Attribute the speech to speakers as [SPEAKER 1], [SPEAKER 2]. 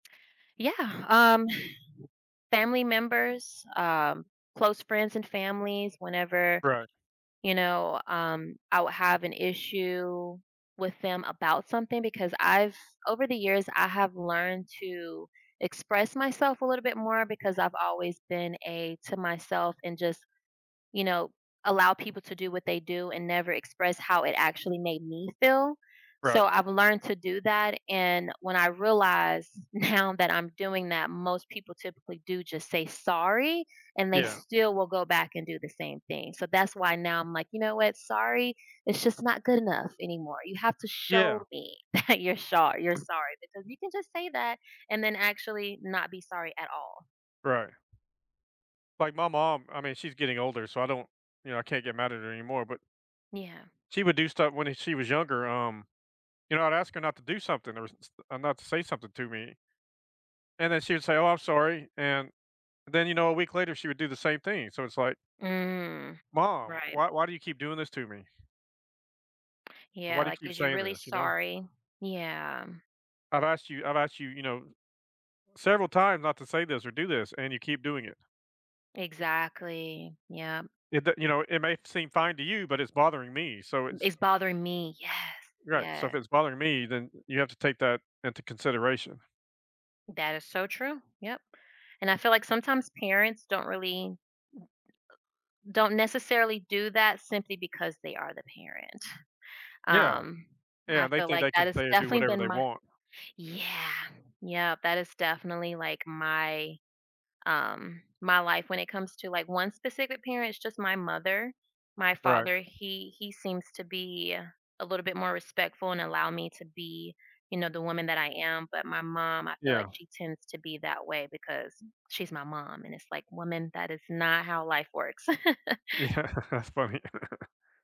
[SPEAKER 1] Yeah, um, family members, um, close friends and families whenever,
[SPEAKER 2] Right.
[SPEAKER 1] you know, um, I will have an issue with them about something because I've over the years, I have learned to express myself a little bit more, because I've always been a to myself and just you know, allow people to do what they do and never express how it actually made me feel. So,
[SPEAKER 2] Right.
[SPEAKER 1] I've learned to do that, and when I realized now that I'm doing that, most people typically do just say, "Sorry," and they
[SPEAKER 2] Yeah.
[SPEAKER 1] still will go back and do the same thing. So, that's why now I'm like, "You know what, sorry, it's just not good enough anymore. You have to
[SPEAKER 2] Yeah.
[SPEAKER 1] show me that you're shor you're sorry, because you can just say that and then actually not be sorry at all."
[SPEAKER 2] Right. Like my mom, I mean, she's getting older, so I don't, you know, I can't get mad at her anymore, but
[SPEAKER 1] Yeah.
[SPEAKER 2] she would do stuff when e she was younger um, you know, I'd ask her not to do something or s s or not to say something to me and then she would say, "Oh, I'm sorry," and then, you know, a week later, she would do the same thing. So it's like
[SPEAKER 1] Mm,
[SPEAKER 2] "Mom,
[SPEAKER 1] right.
[SPEAKER 2] why why do you keep doing this to me?" "Why
[SPEAKER 1] Yeah,
[SPEAKER 2] do you
[SPEAKER 1] like,
[SPEAKER 2] keep
[SPEAKER 1] "Is you
[SPEAKER 2] saying
[SPEAKER 1] really
[SPEAKER 2] this," you know?
[SPEAKER 1] sorry?" Yeah.
[SPEAKER 2] "I've asked you I've asked you," you know, "several times not to say this or do this, and you keep doing it."
[SPEAKER 1] Exactly, yep.
[SPEAKER 2] It the, you know, it may seem fine to you, but it's bothering me so
[SPEAKER 1] M "It's
[SPEAKER 2] it's
[SPEAKER 1] bothering me." Yes,
[SPEAKER 2] Right, "So if
[SPEAKER 1] yeah.
[SPEAKER 2] it's bothering me, then you have to take that into consideration."
[SPEAKER 1] That is so true, yep. And I feel like sometimes parents don't really w don't necessarily do that simply because they are the parent.
[SPEAKER 2] Yeah.
[SPEAKER 1] Um,
[SPEAKER 2] Yeah,
[SPEAKER 1] I
[SPEAKER 2] they
[SPEAKER 1] feel
[SPEAKER 2] think
[SPEAKER 1] like
[SPEAKER 2] they
[SPEAKER 1] that
[SPEAKER 2] can
[SPEAKER 1] has
[SPEAKER 2] say and do
[SPEAKER 1] definitely
[SPEAKER 2] whatever
[SPEAKER 1] been
[SPEAKER 2] they
[SPEAKER 1] my
[SPEAKER 2] want.
[SPEAKER 1] yeah, yeah, that is definitely like my um, my life when it comes to like one specific parent. It's just my mother. My
[SPEAKER 2] Right.
[SPEAKER 1] father, he he seems to be a little bit more respectful and allow me to be, you know, the woman that I am. But my mom, I feel like
[SPEAKER 2] Yeah.
[SPEAKER 1] she tends to be that way because she's my mom, and it's like, "Woman, that is not how life works."
[SPEAKER 2] Yeah, that's funny.